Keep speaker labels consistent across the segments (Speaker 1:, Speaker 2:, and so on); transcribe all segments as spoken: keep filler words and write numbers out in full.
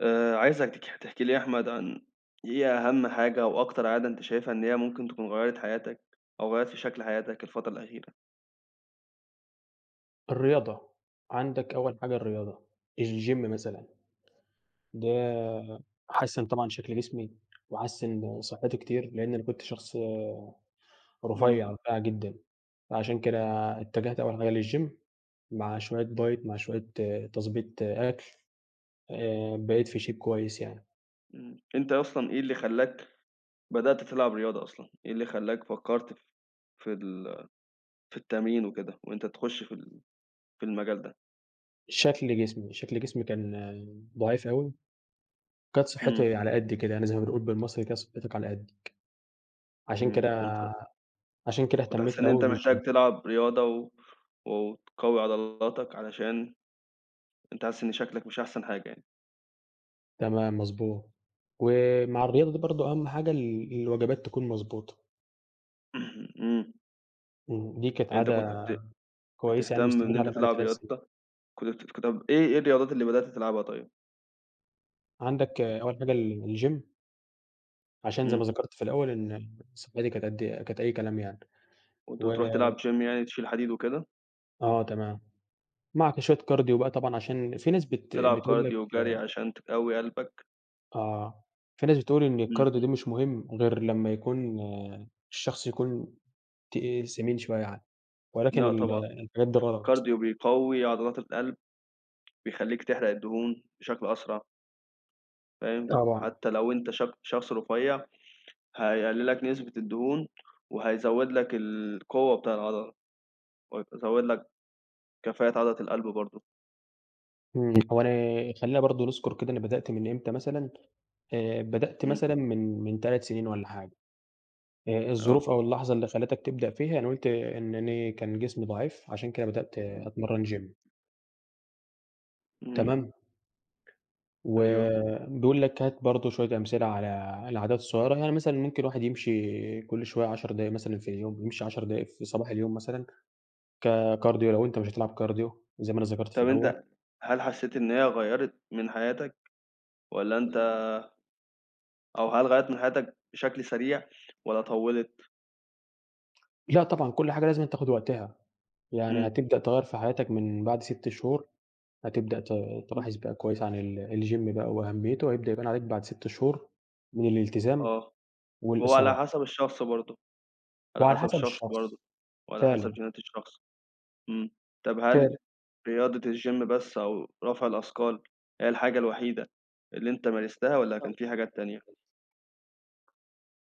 Speaker 1: آآ، عايزك تحكي لي يا أحمد، عن إيه أهم حاجة أو أكتر عادة أنت شايفة إن هي ممكن تكون غيرّت حياتك أو غيرّت في شكل حياتك الفترة الأخيرة؟
Speaker 2: الرياضة، عندك أوّل حاجة الرياضة الgym مثلًا، ده حسّن طبعًا شكل جسمي، وحسّن صحتي كتير لإن أنا كنت شخص
Speaker 1: إمم.
Speaker 2: رفيع، رفيع جدًا فعشان كده اتجهت أوّل حاجة للgym مع شويّة diet مع شويّة تضبيط أكل آآ بقيت في shape كويّس يعني.
Speaker 1: إمم، أنت أصلًا إيه اللي خلاك بدأت تلعب رياضة أصلًا؟ إيه اللي خلاك فكرت في ال في التمرين وكده وأنت تخش في ال في المجال ده؟
Speaker 2: شكل جسمي، شكل جسمي كان ضعيف أوي، وكانت
Speaker 1: إمم.
Speaker 2: صحتي على قدي كده يعني زي ما بنقول بالمصري كانت صحتك على قدك، عشان
Speaker 1: إمم، كنت
Speaker 2: كده عشان كده
Speaker 1: كنت حاسس
Speaker 2: اهتميت
Speaker 1: إن أنت
Speaker 2: أوي بالgym.
Speaker 1: محتاج تلعب رياضة، و وتقوي عضلاتك علشان أنت حاسس إن شكلك مش أحسن حاجة يعني.
Speaker 2: تمام، مضبوط، ومع الرياضة دي برضه أهم حاجة ال الوجبات تكون مضبوطة.
Speaker 1: إمم.
Speaker 2: إمم، دي كانت
Speaker 1: يعني أنت كنت
Speaker 2: عادة
Speaker 1: بت
Speaker 2: كويّسة يعني
Speaker 1: بتهتم إن
Speaker 2: مستمر
Speaker 1: أنت
Speaker 2: عليها بقى لي
Speaker 1: تلعب
Speaker 2: تلات سنين.
Speaker 1: رياضة، كنت بت [unintelligible] إيه إيه الرياضات اللي بدأت تلعبها طيّب؟
Speaker 2: عندك أول حاجة ال الgym. عشان زي
Speaker 1: إمم.
Speaker 2: ما ذكرت في الأوّل إن صحتي كانت قد كانت أي كلام يعني
Speaker 1: كنت
Speaker 2: و
Speaker 1: بتروح تلعب gym يعني تشيل حديد وكده؟
Speaker 2: آه تمام، معاك شويّة كارديو بقى طبعًا عشان في ناس بت
Speaker 1: تلعب
Speaker 2: بتقول لك
Speaker 1: كارديو وجري عشان تقوي قلبك.
Speaker 2: آه، في ناس بتقول إن
Speaker 1: إمم.
Speaker 2: الكارديو ده مش مهم غير لمّا يكون الشخص يكون تقيل سمين شويّة يعني ولكن
Speaker 1: لأ
Speaker 2: ال
Speaker 1: طبعًا
Speaker 2: الحاجات دي غلط.
Speaker 1: الكارديو بيقوي عضلات القلب، بيخلّيك تحرق الدهون بشكل أسرع. فاهم؟
Speaker 2: طبعًا.
Speaker 1: حتّى لو أنت ش شخص رفيع هيقلل لك نسبة الدهون، وهيزود لك القوّة بتاع العضلة، وهيزود لك كفاءة عضلة القلب برضه.
Speaker 2: إمم، هو أنا خلّينا برضه نذكر كده أنا بدأت من إمتى مثلًا آآ، بدأت
Speaker 1: إمم.
Speaker 2: مثلًا من من تلات سنين والّا حاجة آآ،
Speaker 1: آه.
Speaker 2: الظروف أو اللحظة اللي خلتك تبدأ فيها أنا قُلت إن أنا كان جسمي ضعيف عشان كده بدأت
Speaker 1: إمم.
Speaker 2: أتمرّن gym.
Speaker 1: امم.
Speaker 2: تمام.
Speaker 1: أيوه.
Speaker 2: وبيقول لك هات برضه شويّة أمثلة على العادات الصغيّرة، يعني مثلًا ممكن الواحد يمشي كل شويّة عشر دقايق مثلًا في اليوم يمشي عشر دقايق في صباح اليوم مثلًا ككارديو لو أنت مش هتلعب كارديو زي ما أنا ذكرت في
Speaker 1: طَب
Speaker 2: الأوّل.
Speaker 1: أنت هل حسّيت إن هي غيّرت من حياتك، والّا أنت أو هل غيّرت من حياتك بشكل سريع والّا طوّلِت؟
Speaker 2: لا طبعًا كل حاجة لازمًا تاخد وقتها، يعني
Speaker 1: امم.
Speaker 2: هتبدأ تغيّر في حياتك من بعد ست شهور هتبدأ ت
Speaker 1: امم.
Speaker 2: تلاحظ بقى كويّس عن ال الgym بقى وأهميته، وهيبدأ يبان عليك بعد ست شهور من الالتزام
Speaker 1: آه، هو على
Speaker 2: والإصرار.
Speaker 1: حسب الشخص برضه، على
Speaker 2: وعلى
Speaker 1: حسب
Speaker 2: حسب
Speaker 1: الشخص
Speaker 2: الشخص
Speaker 1: برضه، وعلى حسب
Speaker 2: فعلًا.
Speaker 1: چينات الشخص، امم، طَب هل
Speaker 2: فعلًا.
Speaker 1: رياضة الgym بس أو رفع الأثقال هي الحاجة الوحيدة اللي أنت مارستها،
Speaker 2: آه، كان
Speaker 1: والّا
Speaker 2: فيه
Speaker 1: كان
Speaker 2: حاجات
Speaker 1: في حاجات تانية؟
Speaker 2: تانية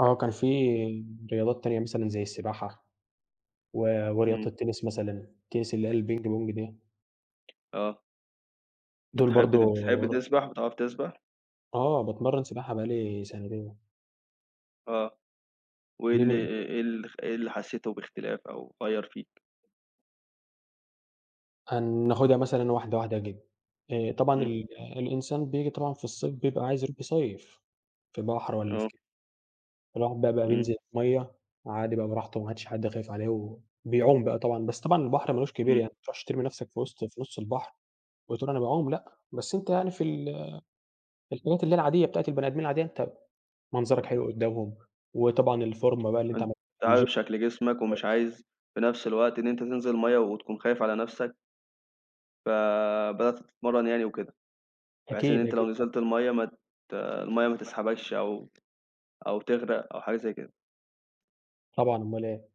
Speaker 2: آه، كان في رياضات تانية مثلًا زي السباحة و ورياضة
Speaker 1: امم.
Speaker 2: التنس مثلًا، التنس اللي هي البينج بونج دي.
Speaker 1: آه.
Speaker 2: دول
Speaker 1: بتحب
Speaker 2: برضه.
Speaker 1: بتحب
Speaker 2: ور
Speaker 1: تسبح بتعرف تسبح؟
Speaker 2: آه باتمرّن سباحة بقى لي سَنتين.
Speaker 1: آه
Speaker 2: دي
Speaker 1: وال
Speaker 2: من
Speaker 1: آآ
Speaker 2: هواياتي.
Speaker 1: آآ إيه ال إيه ال حسيته باختلاف أو غيّر فيك؟
Speaker 2: هناخدها مثلًا واحدة واحدة يا، [unintelligible] آآ طبعًا
Speaker 1: امم.
Speaker 2: ال الإنسان بييجي طبعًا في الصيف بيبقى عايز يروح يصيّف في بحر والاّ في
Speaker 1: آه.
Speaker 2: كده، الواحد بقى بقى
Speaker 1: امم.
Speaker 2: بينزل الميّة عادي بقى براحته ما عادش حد خايف عليه وبيعوم بقى طبعًا، بس طبعًا البحر ما لوش كبير يعني
Speaker 1: امم.
Speaker 2: ما تروحش ترمي نفسك في وسط في نص البحر وتقول أنا باعوم، لأ بس أنت يعني في ال في الحاجات اللي هي العادية بتاعة البني آدمين العادية أنت منظرك
Speaker 1: امم.
Speaker 2: حلو قدامهم، وطبعًا الفورمة بقى اللي أنت
Speaker 1: أنت
Speaker 2: عملت الGym
Speaker 1: عارف شكل جسمك
Speaker 2: كويس.
Speaker 1: ومش عايز في نفس الوقت إن أنت تنزل الميّة وتكون خايف على نفسك. فبدأت تتمرن يعني وكده بحيث إن
Speaker 2: أكيد
Speaker 1: أنت
Speaker 2: أكيد
Speaker 1: لو
Speaker 2: طبعً
Speaker 1: نزلت الميّة ما ت الميّة ما
Speaker 2: ما
Speaker 1: تسحبكش أو أو تغرق أو حاجة زي كده.
Speaker 2: طبعًا اومال إيه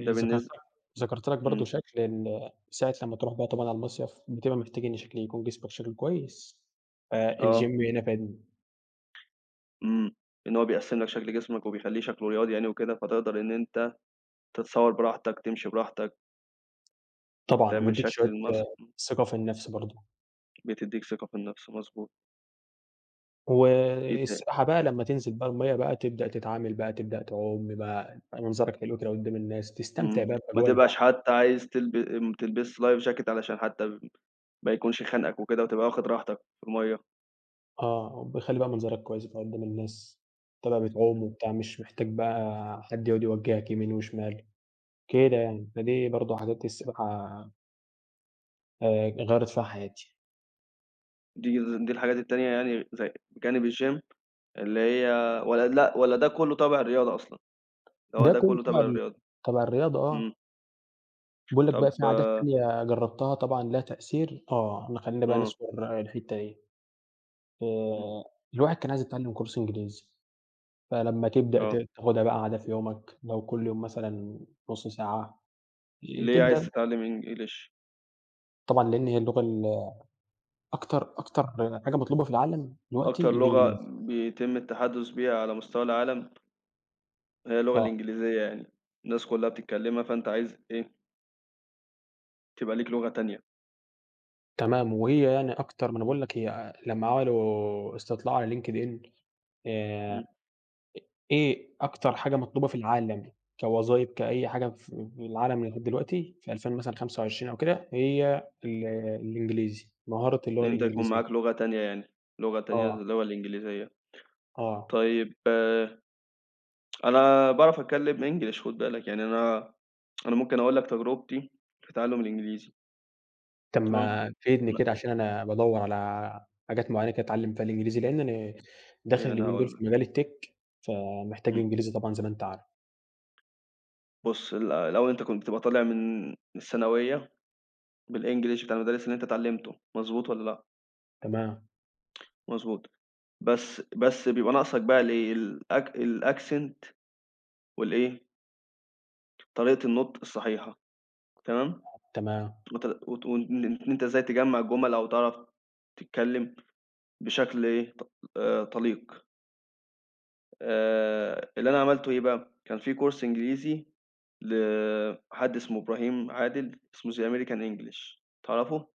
Speaker 1: ده بالنس
Speaker 2: لك ذكرت لك برضه
Speaker 1: امم.
Speaker 2: شكل ال ساعة لمّا بتروح بقى طبعًا على المصيف بتبقى محتاج إن شكل يكون جسمك شكله كويس ف
Speaker 1: آه.
Speaker 2: الGym هنا فادني.
Speaker 1: إمم، إن هو بيقسم لك شكل جسمك وبيخليه شكله رياضي يعني وكده، فتقدر إن أنت تتصور براحتك تمشي براحتك.
Speaker 2: طبعًا
Speaker 1: تعمل
Speaker 2: وبيديك
Speaker 1: شكل
Speaker 2: شوية
Speaker 1: الماس إمم.
Speaker 2: ثقة في النفس برضه.
Speaker 1: بتديك ثقة في النفس، مضبوط. إيه تاني؟
Speaker 2: والسباحة بقى لمّا تنزل بقى المَيّه، بقى تبدأ تتعامل بقى تبدأ تعوم يبقى منظرك حلو كده قدّام الناس، تستمتع
Speaker 1: إمم،
Speaker 2: بقى
Speaker 1: ما
Speaker 2: باجواء
Speaker 1: تبقاش
Speaker 2: البحر.
Speaker 1: حتّى عايز تلبس ما تلبسش life jacket علشان حتّى ما يكونش خانقك وكده وتبقى واخد راحتك في المَيّة.
Speaker 2: آه، بيخلّي بقى منظرك كويّسة بقى قدّام الناس، تبقى بتعوم
Speaker 1: إمم.
Speaker 2: وبتاع مش محتاج بقى حد يقعد يوجهك يمين وشمال، كده يعني، فدي برضه حاجات السباحة آآ، غيرّت فيها حياتي.
Speaker 1: دي دي الحاجات التانية يعني زي جانب الgym اللي هي والّا لأ، والّا ده كلّه تابع الرياضة أصلًا، هو
Speaker 2: ده
Speaker 1: ده
Speaker 2: كله
Speaker 1: كلّه
Speaker 2: تبع
Speaker 1: تابع
Speaker 2: ال
Speaker 1: للرياضة،
Speaker 2: تبع الرياضة
Speaker 1: إمم.
Speaker 2: آه. بيقول لك بقى
Speaker 1: طب
Speaker 2: في عادات تانية جربتها طبعًا لها تأثير؟ آه، خلّينا بقى
Speaker 1: إمم.
Speaker 2: نذكر الحتّة دي
Speaker 1: إمم.
Speaker 2: آآ، الواحد كان عايز يتعلم كورس إنجليزي، فلمّا تبدأ ت
Speaker 1: آه.
Speaker 2: تاخدها بقى عادة في يومك لو كل يوم مثلًا نص ساعة، ي
Speaker 1: ليه
Speaker 2: تبدأ
Speaker 1: عايز تتعلم English؟
Speaker 2: طبعًا لإن هي اللغة ال أكتر أكتر حاجة مطلوبة في العالم دلوقتي
Speaker 1: أكتر لغة
Speaker 2: الإنجليزي.
Speaker 1: بيتم التحدث بيها على مستوى العالم. هي اللغة
Speaker 2: آه.
Speaker 1: الإنجليزية يعني الناس كلها بتتكلمها فأنت عايز إيه تبقى ليك لغة تانية.
Speaker 2: تمام وهي يعني أكتر ما أنا باقول لك هي لمّا عملوا استطلاع على LinkedIn آآ إ
Speaker 1: امم.
Speaker 2: إيه أكتر حاجة مطلوبة في العالم كوظايف كأي حاجة في في العالم لغاية دلوقتي في ألفين مثلًا خمسة وعشرين أو كده هي ال الإنجليزي مهارة
Speaker 1: إن
Speaker 2: اللغة
Speaker 1: أنت يكون
Speaker 2: الإنجليزية.
Speaker 1: معاك لغة تانية يعني، لغة تانية زي
Speaker 2: آه.
Speaker 1: اللغة الإنجليزية
Speaker 2: آه.
Speaker 1: طيّب أنا باعرف
Speaker 2: آه.
Speaker 1: أتكلّم English خد بالك يعني أنا أنا ممكن أقول لك تجربتي في تعلم الإنجليزي.
Speaker 2: طَب
Speaker 1: تمام.
Speaker 2: ما تفيدني
Speaker 1: أنا
Speaker 2: كده عشان أنا بادوّر على حاجات معينّة كده أتعلم فيها الإنجليزي، لإن أنا داخل
Speaker 1: إيه أنا
Speaker 2: اليومين دول في
Speaker 1: هاقول لك.
Speaker 2: مجال الtech فمحتاج
Speaker 1: امم.
Speaker 2: إنجليزي طبعًا زي ما أنت عار
Speaker 1: بُص ال الأوّل أنت كنت بتبقى طالع من من الثانوية بالEnglish بتاع المدارس اللي أنت اتعلمته مضبوط والّا لأ؟
Speaker 2: تمام.
Speaker 1: مضبوط بس بس بيبقى ناقصك بقى الإيه الأك الaccent والإيه؟ طريقة النُطق الصحيحة تمام؟
Speaker 2: تمام.
Speaker 1: وت وت وإن إن أنت إزاي تجمّع الجُمل أو تعرَف تتكلّم بشكل إيه ط آآ طليق. آآ، اللي أنا عملته إيه بقى كان في course إنجليزي، لحد إسمه إبراهيم عادل اسمه The American English تعرفه؟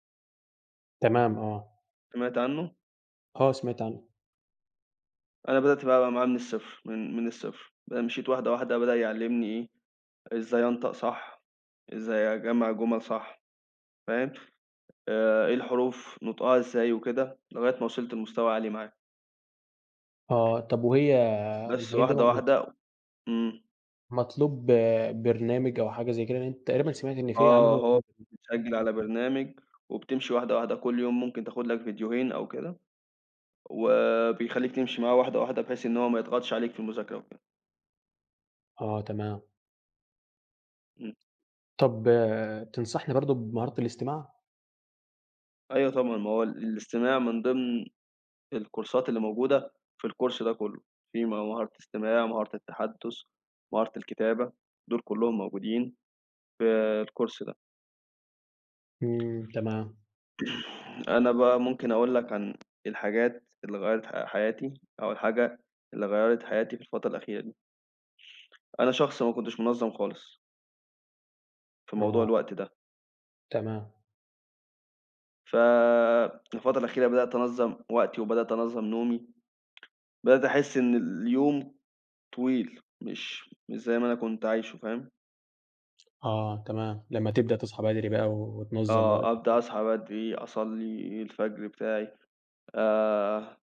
Speaker 2: تمام آه.
Speaker 1: سِمعت عنه؟
Speaker 2: آه سِمعت عنه.
Speaker 1: أنا بدأت بقى معاه من الصفر، من من الصفر، ب مشِيت واحدة واحدة بدأ يعلّمني إيه إزاي أنطق صح، إزاي أجمّع جُمل صح فاهم؟ آآ، إيه الحروف نُطقها إزاي وكده، لغاية ما وِصلت لمستوى عالي معاه.
Speaker 2: آه طَب وهي
Speaker 1: بس
Speaker 2: الحاجات دي
Speaker 1: واحدة
Speaker 2: ما تس
Speaker 1: واحدة إمم.
Speaker 2: مطلوب برنامج أو حاجة زَي كده؟ لإن تقريبًا سِمعت إن في
Speaker 1: آه
Speaker 2: عملوا
Speaker 1: هو
Speaker 2: [unintelligible]
Speaker 1: بتسجّل على برنامج وبتمشِي واحدة واحدة كُلّ يوم ممكن تاخد لك فيديوهين أو كده. وبيخلّيك تمشِي معاه واحدة واحدة بحيث إن هو ما يضغطش عليك في المذاكرة وكده.
Speaker 2: آه تمام.
Speaker 1: امم.
Speaker 2: طَب تنصحني برضه بمهارة الاستماع؟
Speaker 1: أيوه طبعًا ما هو ال الاستماع من ضمن الكورسات اللي موجودة في الcourse ده كُلّه، في مهارة إستماع، مهارة التحدث، مهارة الكتابة، دول كُلّهم موجودين في الcourse ده.
Speaker 2: امم تمام.
Speaker 1: أنا بقى ممكن أقول لك عن الحاجات اللي غيّرت ح حياتي أو الحاجة اللي غيّرت حياتي في الفترة الأخيرة دي. أنا شخص ما كنتش منظَّم خالص. في موضوع
Speaker 2: آه.
Speaker 1: الوقت ده.
Speaker 2: تما
Speaker 1: ف في الفترة الأخيرة بدأت أنظَّم وقتي وبدأت أنظَّم نومي، بدأت أحسّ إن اليوم طويل مش مش زي ما أنا كنت عايشه فاهم؟
Speaker 2: آه تمام لمّا تبدأ تصحى بدري بقى وتنظَّم
Speaker 1: آه
Speaker 2: وقتك
Speaker 1: أبدأ
Speaker 2: و
Speaker 1: أصحى بدري، أصلّي الفجر بتاعي آآ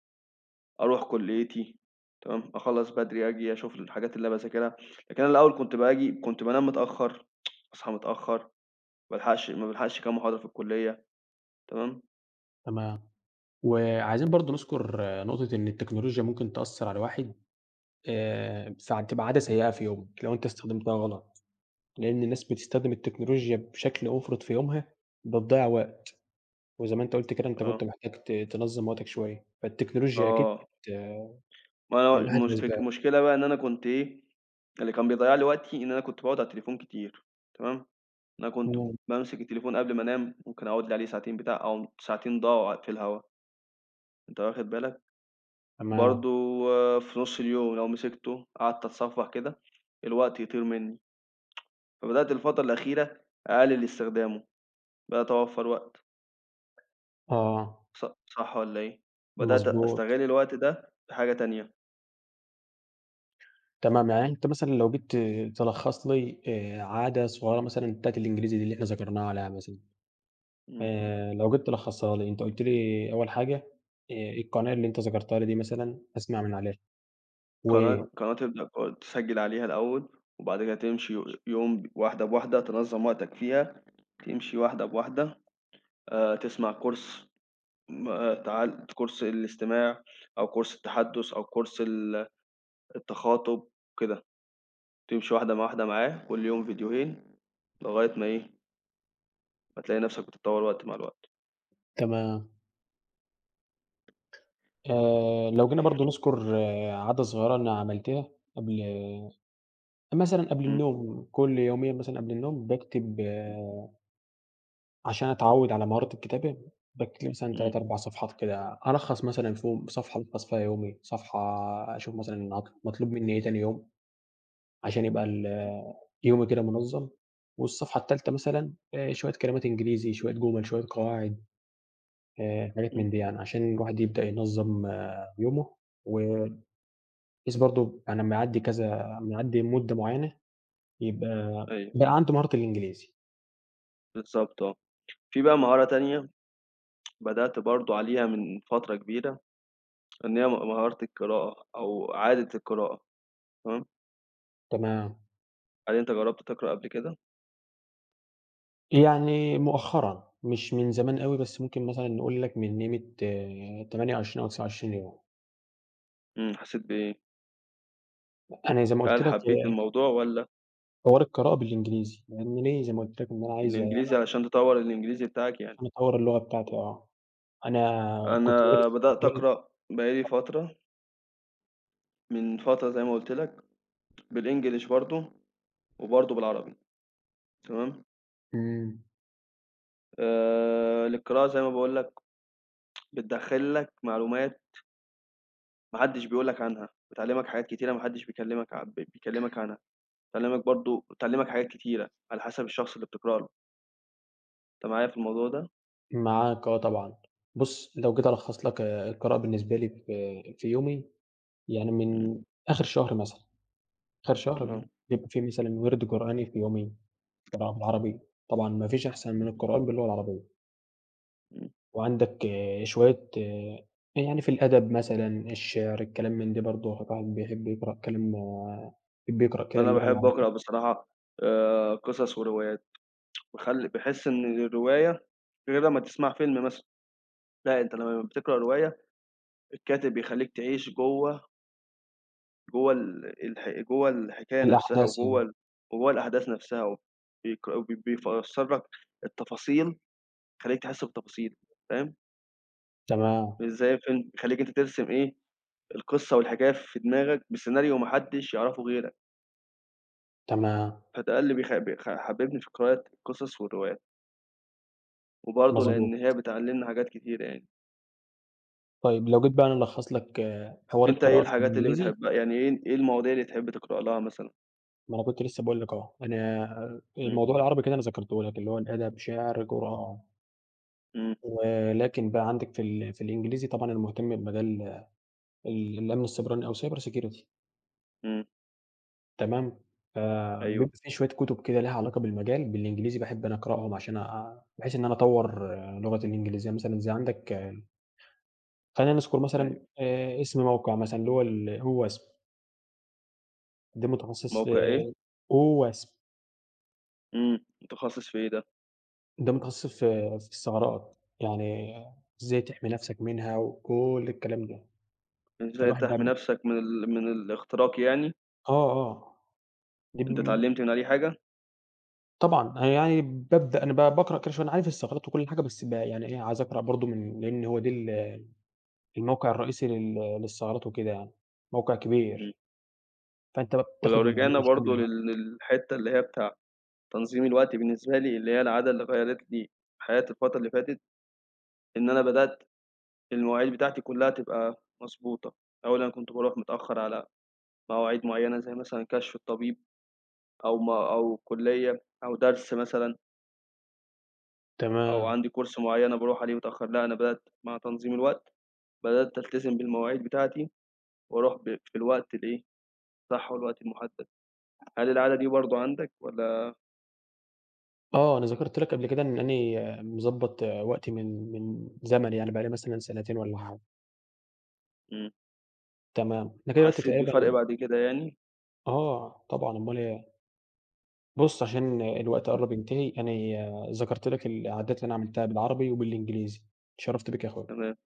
Speaker 1: أرُوح كُليّتي تمام أخلّص بدري، آجي أشوف الحاجات اللي باذاكرها لكن أنا الأول كنت باجي كنت بانام متأخر أصحى متأخر ما بالحقش ما بالحقش كام محاضرة في الكُلّية تمام.
Speaker 2: تمام وعايزين برضه نذكر نقطة إن التكنولوجيا ممكن تأثر على الواحد آآ فتبقى عادة سيئة في يومك لو أنت استخدمتها غلط، لأن الناس بتستخدم التكنولوجيا بشكل مُفرط في يومها وبتضيّع وقت وزي ما أنت قُلت كده أنت كنت
Speaker 1: آه.
Speaker 2: محتاج ت تنظم وقتك شوية فالتكنولوجيا أكيد
Speaker 1: آه.
Speaker 2: بت
Speaker 1: ما
Speaker 2: من أحد
Speaker 1: مش فك
Speaker 2: الأسباب.
Speaker 1: المشكلة بقى إن أنا كنت إيه، اللي كان بيضيع لي وقتي إن أنا كنت باقعد على التليفون كتير تمام؟ أنا كنت
Speaker 2: امم.
Speaker 1: بامسك التليفون قبل ما أنام ممكن أقعد لي عليه ساعتين بتاع أهُم ساعتين ضاعوا في الهوا. أنت واخد بالك.
Speaker 2: تما
Speaker 1: برضه في نص اليوم لو مسكته قعدت أتصفح كده الوقت يطير مني. فبدأت الفترة الأخيرة أقلل استخدامه بقيت أوفّر وقت.
Speaker 2: آه.
Speaker 1: ص صح والَّا إيه بدأت
Speaker 2: مضبوط.
Speaker 1: أستغل الوقت ده بحاجة تانية.
Speaker 2: تمام يعني أنت مثلًا لو جيت ت تلخص لي آآ عادة صغيرة مثلًا بتاعة الإنجليزي دي اللي إحنا ذكرناها على [unintelligible]
Speaker 1: إمم.
Speaker 2: آآ لو جيت تلخصها لي، أنت قُلت لي أول حاجة آآ القناة اللي أنت ذكرتها لي دي مثلًا أسمع من عليها. و
Speaker 1: قناة قناة [unintelligible] تسجل عليها الأول، وبعد كده تمشي
Speaker 2: مش
Speaker 1: يوم واحدة بواحدة تنظم وقتك فيها، تمشي واحدة بواحدة آآ تسمع course تعل course الاستماع، أو course التحدث، أو course ال التخاطب وكده، تمشي واحدة مع واحدة معاه كل يوم فيديوهين لغاية ما إيه فتلاقي نفسك بتتطوّر وقت مع الوقت.
Speaker 2: تمام. آآ لو جينا برضه نذكر عادة صغيرة أنا عملتها قبل مثلًا قبل
Speaker 1: إمم.
Speaker 2: النوم كل يومين مثلًا قبل النوم باكتب
Speaker 1: إمم.
Speaker 2: عشان أتعود على مهارة الكتابة، باكتب مثلًا
Speaker 1: إمم.
Speaker 2: تلات أربع صفحات كده، ألخّص مثلًا فيهم، صفحة ألخص فيها يومي، صفحة آآ أشوف مثلًا أط مطلوب مني إيه تاني يوم، عشان يبقى ال يومي كده منظم. والصفحة التالتة مثلًا آآ شوية كلمات إنجليزي، شوية جُمل، شوية قواعد، آآ حاجات
Speaker 1: إمم.
Speaker 2: من دي يعني، عشان الواحد يبدأ ينظم يومه، وبحيث برضه أنا أما يعدي كذا، لما يعدي مدة معينة، يبقى
Speaker 1: أيوه.
Speaker 2: بقى عنده مهارة الإنجليزي.
Speaker 1: بالضبط آه. في بقى مهارة تانية، بدأت برضه عليها من فترة كبيرة، إن هي م مهارة القراءة أو عادة القراءة تمام؟
Speaker 2: تمام.
Speaker 1: هل أنت جربت تقرأ قبل كده؟
Speaker 2: يعني مؤخرًا مش من زمان أوي بس ممكن مثلًا نقول لك من قيمة تمانية وعشرين أو تسعة وعشرين يوم.
Speaker 1: إمم حسيت بإيه؟
Speaker 2: أنا زي ما قلت
Speaker 1: هل
Speaker 2: لك
Speaker 1: حبيت
Speaker 2: آآ
Speaker 1: الموضوع والَّا؟
Speaker 2: حوار القراءة بالإنجليزي يعني ليه زي ما قُلت لك إن أنا عايز
Speaker 1: بالإنجليزي عشان تطوّر الإنجليزي بتاعك يعني.
Speaker 2: عشان أطوّر اللغة بتاعتي آه أنا كنت بادرس
Speaker 1: أنا بدأت أقرأ بقى لي
Speaker 2: [unintelligible]
Speaker 1: فترة. من فترة زي ما قُلت لك بالإنجلش برضه وبرضه بالعربي. تمام؟
Speaker 2: إمم.
Speaker 1: آآ للقراءة زي ما باقول لك بتدخّل لك معلومات ماحدش بيقول لك عنها، بتعلمك حاجات كتيرة ما حدش بيكلمك عن بيكلمك عنها بتعلمك برضه بتعلمك حاجات كتيرة على حسب الشخص اللي بتقرأ له. أنت معايا في الموضوع ده؟
Speaker 2: معاك آه طبعًا، بُص لو جيت ألخص لك آآ القراءة بالنسبة لي في في يومي يعني
Speaker 1: إمم.
Speaker 2: من آخر شهر مثلًا آخر شهر
Speaker 1: آه.
Speaker 2: بيبقى في مثلًا وِرد قرآني في يومي، طبعًا بالعربي طبعًا ما فيش أحسن من
Speaker 1: [unintelligible]
Speaker 2: القرآن باللغة العربية.
Speaker 1: امم.
Speaker 2: وعندك شوية آآ يعني في الأدب مثلًا الشِعر الكلام من ده برضه الواحد بيحب يقرأ كلام يحب يقرأ كده
Speaker 1: أنا
Speaker 2: اللغة
Speaker 1: باحب
Speaker 2: العربية.
Speaker 1: أقرأ بصراحة آآ قصص وروايات باخل باحس إن الرواية غير لما تسمع فيلم مثلًا. لأ أنت لما بتقرأ رواية الكاتب بيخليك تعيش جوّه. جوّه ال الح جوّه الحكاية نفْسها،
Speaker 2: الأحداث يعني.
Speaker 1: وجوّه وجوّه الأحداث نفْسها بيك بي بيفسّر لك التفاصيل، يخلّيك تحس بتفاصيل، فاهم؟
Speaker 2: تمام.
Speaker 1: مش زي الفيلم، بيخلّيك أنت ترسم إيه، القِصّة والحكاية في دماغك بسيناريو ما حدّش يعرَفه غيرك.
Speaker 2: تمام.
Speaker 1: فده للي بيخ بيخ حبّبني في قراءة القِصَص والروايات. وبرضه لأن هي
Speaker 2: مضبوط.
Speaker 1: بتعلّمنا حاجات كتيرة يعني.
Speaker 2: طيب، لو جيت بقى أنا ألخّص لك حوار
Speaker 1: أنت إيه
Speaker 2: القراءة في
Speaker 1: الحاجات اللي
Speaker 2: الإنجليزي
Speaker 1: بتحبّها، يعني إيه إيه المواضيع اللي تحب تقرأ لها مثلًا.
Speaker 2: ما أنا كنت لسه باقول لك أهو، أنا
Speaker 1: إمم.
Speaker 2: الموضوع بالعربي كده أنا ذكَرته لك، اللي هو أدب، شِعر، قرآن.
Speaker 1: إمم.
Speaker 2: ولكن بقى عندك في ال في الإنجليزي، طبعًا أنا مُهتم بمجال ال الأمن السيبراني أو cyber security.
Speaker 1: إمم.
Speaker 2: تمام،
Speaker 1: أيوه.
Speaker 2: فبيبقى في شوية كُتُب كده ليها علاقة بالمجال بالإنجليزي، باحب أنا أقرأهم عشان آآ، بحيث إن أنا أطوّر لغتي الإنجليزية مثلًا زي عندك خلّينا نذكُر مثلًا
Speaker 1: أيوه.
Speaker 2: آآ إسم موقِع مثلًا، اللي هو ال OWASP. ده متخصص في
Speaker 1: موقع إيه؟
Speaker 2: OWASP.
Speaker 1: إمم متخصص في إيه دا؟
Speaker 2: ده متخصص في في الثغرات يعني إزاي تحمي نفسك منها وكلّ الكلام ده
Speaker 1: إزاي
Speaker 2: فالواحد
Speaker 1: تحمي
Speaker 2: بقي
Speaker 1: نفسك من ال من الاختراق يعني؟
Speaker 2: آه آه. دي
Speaker 1: أنت
Speaker 2: بم
Speaker 1: اتعلمت من عليه حاجة؟
Speaker 2: طبعًا أنا يعني بابدأ أنا ب باقرأ كل شوية أنا عارف الثغرات وكل حاجة بس ب يعني إيه عايز أقرأ برضه من لأن هو ده ال الموقع الرئيسي لل للثغرات وكده يعني موقع
Speaker 1: إمم.
Speaker 2: كبير. فأنت بقى
Speaker 1: ولو
Speaker 2: بتاخد المعلومة
Speaker 1: رجعنا برضه
Speaker 2: شاملة بقي.
Speaker 1: لل للحتّة اللي هي بتاع تنظيم الوقت بالنسبة لي اللي هي العادة اللي غيّرِت لي حياتي الفترة اللي فاتت، إن أنا بدأت المواعيد بتاعتي كلها تبقى مضبوطة أولًا كنت باروح متأخر على مواعيد معينة، زيّ مثلًا كشف الطبيب أو م أو كلية أو درس مثلًا. أو
Speaker 2: تمام.
Speaker 1: عندي كورس معين أنا باروح عليه متأخر لأ أنا
Speaker 2: آه.
Speaker 1: بدأت مع تنظيم الوقت، بدأت ألتزم بالمواعيد بتاعتي وأروح ب في الوقت الإيه، صح
Speaker 2: آه.
Speaker 1: والوقت المحدد
Speaker 2: آه،
Speaker 1: هل العادة
Speaker 2: الحقيقة
Speaker 1: دي برضه عندك والّا
Speaker 2: آه أنا ذكرت لك قبل كده إن أنا مضبّط وقتي من من زمن يعني بقى لي مثلًا سنتين والّا حاجة.
Speaker 1: إمم.
Speaker 2: تمام إحنا كده دلوقت
Speaker 1: وحسيت بفرق
Speaker 2: تقريبًا
Speaker 1: بعد كده يعني.
Speaker 2: آه طبعًا أمال إيه. بُص عشان الوقت
Speaker 1: امم.
Speaker 2: قرب ينتهي انا ذكرت لك العادات اللي أنا عملتها بالعربي وبالإنجليزي اتشرفت بيك يا أخويا.
Speaker 1: تمام. آه.